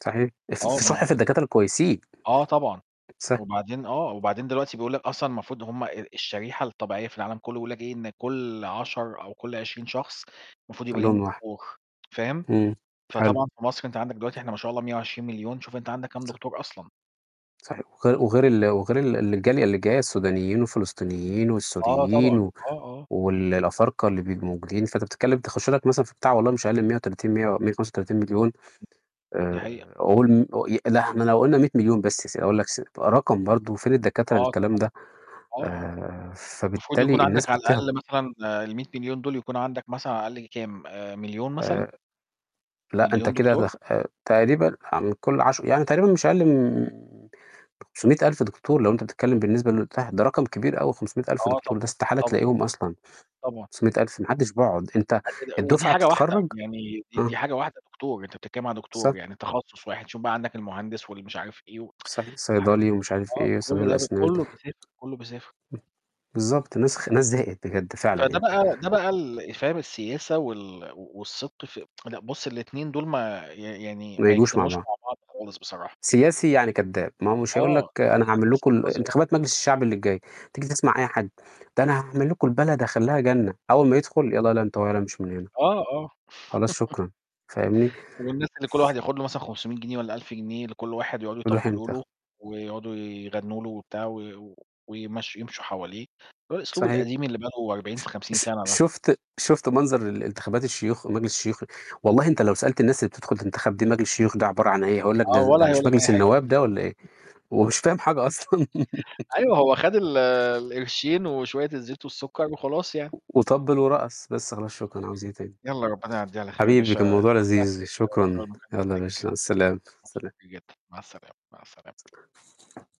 صحيح. الص آه. ما الصح في الدكاترة الكويسين. آه طبعًا. صح. وبعدين آه، وبعدين دلوقتي بيقول لك أصلًا المفروض هُم ال الشريحة الطبيعية في العالم كله بيقولوا لك إيه إن كل 10 أو كل 20 شخص المفروض يبقى عندهم ليهم واحد. دكتور. فاهم؟ إمم. حلو. فطبعًا في مصر أنت عندك دلوقتي إحنا ما شاء الله 120.000.000 شوف أنت عندك كام صح. دكتور أصلًا. صحيح. وغير وغير ال وغير ال الجالية اللي جاية السودانيين والفلسطينيين آه، والسوريين طبعًا. و آه، آه. والأفارقة اللي بيبقوا موجودين، فأنت بتتكلم تخش لك مثلًا في بتاع والله مش أقل من 130، 135.000.000 دي حقيقة. آآ قول م ي إحنا لو قُلنا 100.000.000 بس س أقول لك س رقم برضه فين الدكاترة آه للكلام طبعًا. ده؟ آه، آه. آآ، المفروض يكون فبالتالي الناس عندك على بتهرب. الأقل مثلًا آآ ال100.000.000 دول يكون عندك مثلًا على الأقل كام؟ آآ 1.000.000 آآ، مثلًا؟ لأ، أنت 1.000.000 كده دكتور. دخ آآ تقريبًا عن كل عش يعني تقريبًا مش أقل من 500.000 دكتور لو أنت بتتكلم بالنسبة اللي قُلتها، ده رقم كبير أوي 500.000 آه دكتور ده طبعًا، استحالة طبعًا. تلاقيهم أصلًا طبعًا. 500.000 ما حدش بيقعد. أنت آآ، ودي الدفعة حاجة واحدة بتتخرج يعني دي آه. دي حاجة واحدة دكتور، أنت بتتكلم على صح. دكتور، يعني تخصص واحد، شوف بقى عندك المهندس و المش عارف إيه صحيح. وحاجات صيدلي كتيرة، ومش عارف آه، إيه، [unintelligible] كل ده الأسنان. امم. كله بيسافر، كله بيسافر. بالضبط. الناس خ الناس زهقت بجد فعلًا فده يعني. بقى ده بقى ال اللي فاهم السياسة وال والصدق في لأ، بُص الاتنين دول ما ي يعني ما ما ييجوش مع يجتمعوش بعض. مع بعض خالص بصراحة. سياسي يعني كذاب. ما هو مش هيقول لك: آه، "أنا هي هاعمل أساسًا لكم قذرة. انتخابات مجلس الشعب اللي جاية" تيجي تسمع أي حد "ده أنا هاعمل لكم البلد، هاخليها جنة" أول ما يدخل "يالَّا يالا أنت وهو يالا أمشوا من هنا." آه، آه. خلاص شكرًا. فاهمني؟ والناس اللي كل واحد ياخد له مثلًا 500 جنيه والَّا 1000 جنيه لكل واحد يقعدوا روح يطبلوا انتخب. له ويقعدوا يغنوا له وبتاع ويمشّوا يمشوا حواليه، هو الأسلوب صحيح. القديم اللي بقوا أربعين ش في خمسين ش سنة ده. شوفت شوفت منظر انتخابات الشيوخ؟ مجلس الشيوخ، والله أنت لو سألت الناس اللي بتدخل تنتخب دي مجلس الشيوخ ده عبارة عن إيه؟ هيقول لك: آه، "ده والَّا هيقول مش لك أي مجلس حاجة. النواب ده والَّا إيه؟" ومش فاهم حاجة أصلًا. أيوه، هو خد القرشين وشوية الزيت والسكر وخلاص يعني. وطبِّل ورقص. بس خلاص شكرًا، عاوز إيه تاني؟ يالَّا ربنا يعديها على خير. يا حبيبي، باشا كان الموضوع استمتعت لذيذ. جدًا يا باشا شكرًا. بالمكالمة يالَّا معاك. يا باشا مع السلامة، سلام. [unintelligible] مع السلامة، مع السلامة.